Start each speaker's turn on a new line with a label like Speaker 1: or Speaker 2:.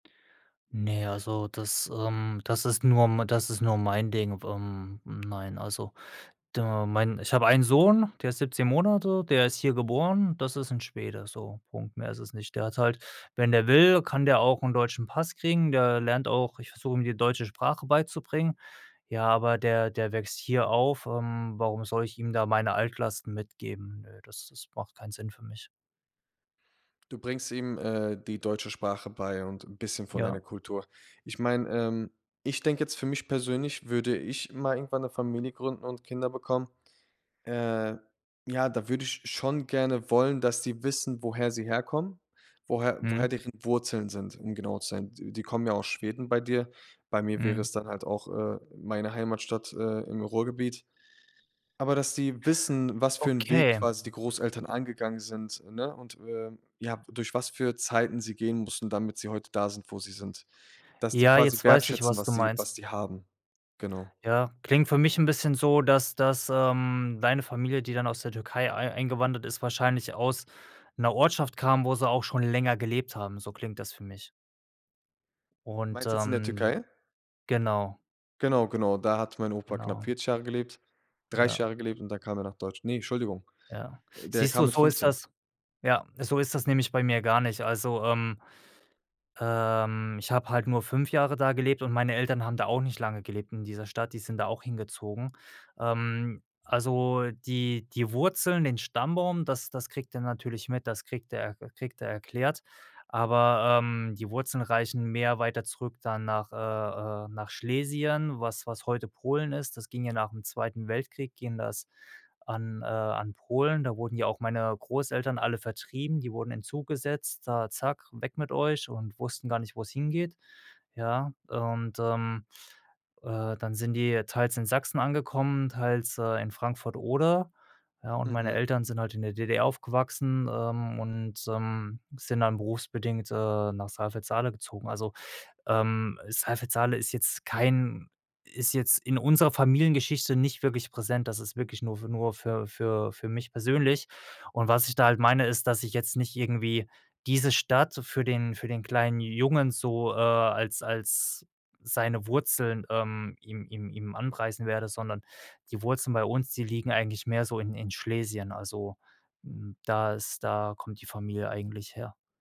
Speaker 1: Ne, also das, ähm, das ist nur m das ist nur mein Ding. Ähm, nein, also du mein ich hab einen Sohn, der ist 17 Monate, der ist hier geboren. Das ist 'n Schwede so, Punkt. Mehr ist es nicht. Der hat's halt wenn der will, kann der auch 'n deutschen Pass kriegen, der lernt auch ich versuche ihm die deutsche Sprache beizubringen, ja, aber der der wächst hier auf, ähm, warum soll ich ihm da meine Altlasten mitgeben? Nö, das das macht keinen Sinn für mich.
Speaker 2: Du bringst ihm, äh, die deutsche Sprache bei und 'n bisschen von deiner
Speaker 1: Ja.
Speaker 2: Kultur. Ich meine, ähm, ich denke jetzt für mich persönlich, würde ich mal irgendwann 'ne Familie gründen und Kinder bekommen, äh, ja, da würde ich schon gerne wollen, dass die wissen, woher sie herkommen, woher woher
Speaker 1: Mhm.
Speaker 2: deren Wurzeln sind, um genau zu sein. D die kommen ja aus Schweden bei dir. Bei mir wäre
Speaker 1: Mhm.
Speaker 2: es dann halt auch, äh, meine Heimatstadt, äh, im Ruhrgebiet. Aber dass die wissen, was für 'n Weg
Speaker 1: Okay.
Speaker 2: quasi die Großeltern angegangen sind, ne, und, äh, ja, durch was für Zeiten sie gehen mussten, damit sie heute da sind, wo sie sind. Dass die
Speaker 1: Ja,
Speaker 2: quasi
Speaker 1: jetzt weiß ich,
Speaker 2: wertschätzen,
Speaker 1: was du
Speaker 2: was sie
Speaker 1: meinst.
Speaker 2: was sie haben. Genau.
Speaker 1: Ja, klingt für mich 'n bisschen so, dass dass, ähm, deine Familie, die dann aus der Türkei ei eingewandert ist, wahrscheinlich aus 'ner Ortschaft kam, wo sie auch schon länger gelebt haben, so klingt das für mich. Und,
Speaker 2: Meinst jetzt in der
Speaker 1: ähm
Speaker 2: Türkei?
Speaker 1: genau.
Speaker 2: Genau, genau, da hat mein Opa knapp
Speaker 1: Genau.
Speaker 2: 40 Jahre gelebt, 30
Speaker 1: Ja.
Speaker 2: Jahre gelebt und da kam er nach Deutsch ne, Entschuldigung,
Speaker 1: Ja.
Speaker 2: der
Speaker 1: Siehst
Speaker 2: kam
Speaker 1: du,
Speaker 2: mit
Speaker 1: so ist
Speaker 2: 15.
Speaker 1: das ja, so ist das nämlich bei mir gar nicht. Also, ähm, ähm, ich habe halt nur 5 Jahre da gelebt und meine Eltern haben da auch nicht lange gelebt in dieser Stadt, die sind da auch hingezogen. Ähm, also die die Wurzeln, den Stammbaum, das das kriegt er natürlich mit, das kriegt er e kriegt er erklärt, aber, ähm, die Wurzeln reichen mehr weiter zurück dann nach, äh äh nach Schlesien, was was heute Polen ist. Das ging ja nach 'm Zweiten Weltkrieg ging das an äh, an Polen. Da wurden ja auch meine Großeltern alle vertrieben, die wurden in 'n Zug gesetzt, da zack, weg mit euch und wussten gar nicht, wo's hingeht, ja? Und, ähm, äh, dann sind die teils in Sachsen angekommen, teils, äh, in Frankfurt Oder, ja, und meine
Speaker 2: Mhm.
Speaker 1: Eltern sind halt in der DDR aufgewachsen, ähm, und, ähm, sind dann berufsbedingt, äh, nach Saalfeld-Saale gezogen. Also, ähm, Saalfeld-Saale ist jetzt kein ist jetzt in unserer Familiengeschichte nicht wirklich präsent, das ist wirklich nur für nur für für für mich persönlich. Und was ich da halt meine ist, dass ich jetzt nicht irgendwie diese Stadt für den für den kleinen Jungen so, äh, als als seine Wurzeln, ähm, ihm ihm ihm anpreisen werde, sondern die Wurzeln bei uns, die liegen eigentlich mehr so in in Schlesien. Also, hm, da ist da kommt die Familie eigentlich her.